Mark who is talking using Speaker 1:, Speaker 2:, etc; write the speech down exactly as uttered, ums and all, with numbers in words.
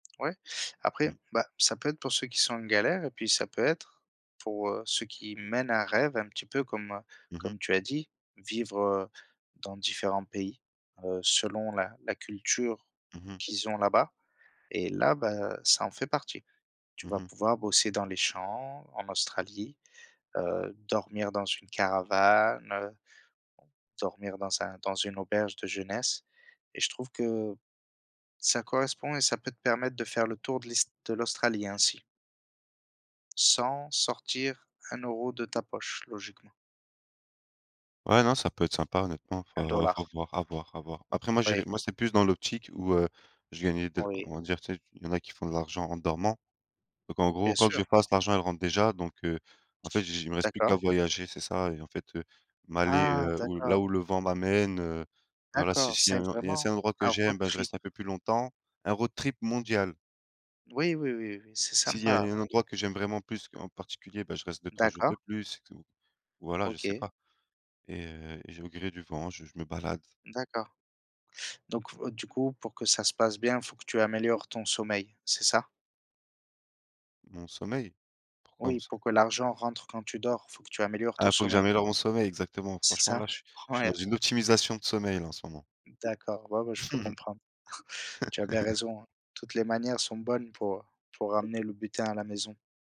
Speaker 1: Ouais,
Speaker 2: Mmh.
Speaker 1: après, bah ça peut être pour ceux qui sont en galère et puis ça peut être pour, heu, ceux qui mènent un rêve, un petit peu comme, heu,
Speaker 2: Mmh mh.
Speaker 1: comme tu as dit. Vivre, heu, dans différents pays, heu, selon la la culture
Speaker 2: Mmh mh.
Speaker 1: qu'ils ont là-bas, et là, bah ça en fait partie. Tu
Speaker 2: Mmh
Speaker 1: vas
Speaker 2: mh.
Speaker 1: pouvoir, bosser dans les champs en Australie, heu, dormir dans une caravane, heu, dormir dans un dans une auberge de jeunesse et je trouve que ça correspond et ça peut te permettre de faire le tour de l'ist de l'Australie ainsi sans sortir un euro de ta poche logiquement.
Speaker 2: Ouais, non ça peut être sympa honnêtement,
Speaker 1: un
Speaker 2: faut
Speaker 1: dollar
Speaker 2: faut voir, à voir, à voir. Après moi j'irai
Speaker 1: Oui.
Speaker 2: moi c'est plus dans l'optique où, heu, je gagnais de
Speaker 1: Oui.
Speaker 2: on va dire, tu sais? Il y en a qui font de l'argent en dormant, donc en gros,
Speaker 1: Bien
Speaker 2: quoi que
Speaker 1: sûr.
Speaker 2: je fasse, l'argent elle rentre déjà, donc heu, en fait, j j il me reste plus qu'à
Speaker 1: D'accord.
Speaker 2: voyager. C'est ça, et en fait, heu, m'aller,
Speaker 1: Ah
Speaker 2: heu, où là
Speaker 1: d'accord.
Speaker 2: où le vent m'amène, heu, et voilà. Si
Speaker 1: D'accord,
Speaker 2: s'il y a
Speaker 1: c'est
Speaker 2: un il y a s'il y a un
Speaker 1: vraiment,
Speaker 2: certain endroit que
Speaker 1: un road
Speaker 2: j'aime, bah, je
Speaker 1: trip.
Speaker 2: reste un peu plus longtemps. Un road trip mondial.
Speaker 1: Oui, oui, oui, oui, c'est
Speaker 2: S'il y a
Speaker 1: sympa.
Speaker 2: un endroit que j'aime vraiment plus, en particulier, bah je reste deux-trois jours de
Speaker 1: D'accord.
Speaker 2: plus c'est tout, voilà. Je sais
Speaker 1: OK.
Speaker 2: pas, et heu et je vais au gré du vent, je je me balade.
Speaker 1: D'accord, donc heu, du coup pour que ça se passe bien, faut que tu améliores ton sommeil, c'est ça?
Speaker 2: Mon sommeil, pourquoi mon
Speaker 1: Oui,
Speaker 2: som
Speaker 1: pour que l'argent rentre quand tu dors, faut que tu améliores ton
Speaker 2: Ah faut que
Speaker 1: sommeil.
Speaker 2: j'améliore mon sommeil, exactement.
Speaker 1: C'est
Speaker 2: Franchement
Speaker 1: ça,
Speaker 2: là, je suis je suis dans
Speaker 1: ouais.
Speaker 2: une optimisation de sommeil là, en ce moment.
Speaker 1: D'accord, ouais, ouais je peux comprendre. Tu as bien raison hein, toutes les manières sont bonnes, pour pour ramener le butin à la maison.